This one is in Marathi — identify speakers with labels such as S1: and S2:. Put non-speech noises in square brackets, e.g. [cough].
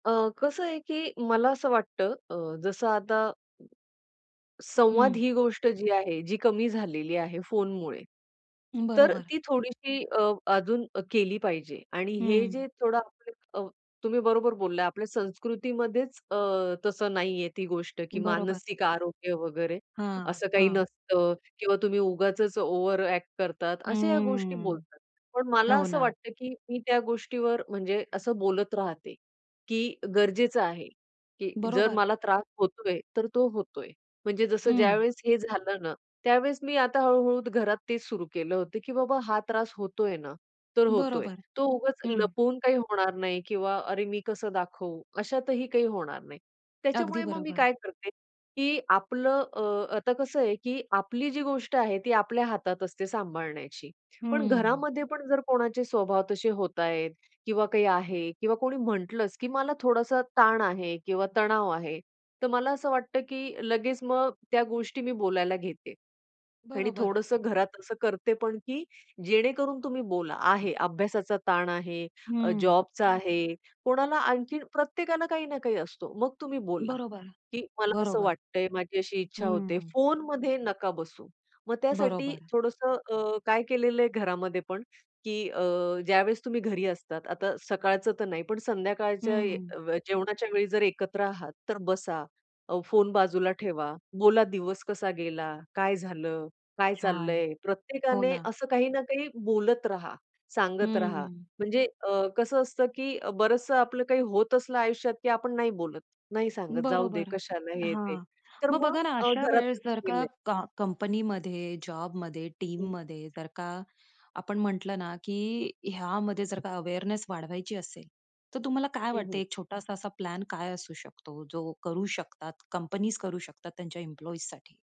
S1: अ, कसं आहे की मला असं वाटतं अ, जसं आता संवाद
S2: हं.
S1: ही गोष्ट जी आहे, जी कमी झालेली आहे फोनमुळे, तर अ,
S2: बरोबर.
S1: ती थोडीशी अ, अजून केली पाहिजे. आणि हे
S2: हं.
S1: जे थोडं [unintelligible] अ, तुम्ही बरोबर बोलला. आपल्या संस्कृतीमध्येच अ, तसं नाही आहे ती गोष्ट, की
S2: बरोबर.
S1: मानसिक आरोग्य वगैरे,
S2: हां.
S1: असं काही
S2: हां.
S1: नसतं किंवा तुम्ही उगाचच ओव्हर अ‍ॅक्ट करतात, अशा ह्या गोष्टी
S2: हम्म,
S1: बोलतात. पण मला
S2: हो
S1: असं
S2: ना.
S1: वाटतं, की मी त्या गोष्टीवर, म्हणजे असं बोलत राहते, की गरजेचं आहे, की जर
S2: बरोबर.
S1: मला त्रास होतोय, तर तो होतोय. म्हणजे जसं
S2: हं.
S1: ज्यावेळेस हे झालं ना, त्यावेळेस मी आता हळू-हळू घरात तेच सुरू केलं होतं, की बाबा हा त्रास होतोय ना, तर होतोय.
S2: बरोबर.
S1: तो उगाच
S2: हं.
S1: लपवून काही होणार नाही किंवा अरे मी कसं दाखवू, अशातही काही होणार नाही.
S2: अगदी
S1: त्याच्यामुळे मग मी
S2: बरोबर.
S1: काय करते, की आपलं अ, आता कसं आहे की आपली जी गोष्ट आहे ती आपल्या हातात असते सांभाळण्याची. पण
S2: हं.
S1: घरामध्ये पण जर कोणाचे स्वभाव तसे होत आहेत किंवा काही आहे किंवा कोणी म्हटलंच, की "मला थोडासा ताण आहे." किंवा "तणाव आहे." तर मला असं वाटतं की लगेच मग त्या गोष्टी मी बोलायला घेते. आणि
S2: बरोबर.
S1: थोडंसं घरात असं करते पण, की जेणेकरून तुम्ही बोला. आहे अभ्यासाचा ताण आहे, अ,
S2: हं.
S1: जॉबचा आहे, कोणाला आणखीन प्रत्येकाला काही ना काही असतो, मग तुम्ही बोला,
S2: बरोबर.
S1: की "मला असं
S2: बरोबर.
S1: वाटतंय, माझी अशी इच्छा होते,"
S2: हं.
S1: फोनमध्ये नका बसू. मग त्यासाठी
S2: बरोबर.
S1: थोडंसं अ, काय केलेलं आहे घरामध्ये पण, की अ, ज्यावेळेस तुम्ही घरी असतात, आता सकाळचं तर नाही, पण संध्याकाळच्या
S2: हं.
S1: जेवणाच्या वेळी जर एकत्र आहात, तर बसा अ, फोन बाजूला ठेवा, बोला, दिवस कसा गेला, काय झालं, काय
S2: छान.
S1: चाललंय,
S2: हो
S1: प्रत्येकाने
S2: ना.
S1: असं काही ना काही बोलत रहा, सांगत राहा.
S2: हम्म.
S1: म्हणजे अ, कसं असतं की बरंचसं आपलं काही होत असलं आयुष्यात, की आपण नाही बोलत, नाही सांगत, जाऊदे
S2: बरोबर.
S1: कशाला हे, ते.
S2: हां.
S1: तर
S2: मग
S1: मग
S2: बघा ना
S1: अ,
S2: अशा
S1: घरात
S2: वेळेस जर का
S1: केलंय
S2: का कंपनीमध्ये, जॉबमध्ये,
S1: हं.
S2: टीममध्ये जर का आपण म्हटलं ना, की ह्यामध्ये जर का अवेअरनेस वाढवायची असेल, तर तुम्हाला काय
S1: हं, हं.
S2: वाटतंय एक छोटासा असा प्लॅन काय असू शकतो, जो करू शकतात, कंपनीज करू शकतात त्यांच्या एम्प्लॉइजसाठी?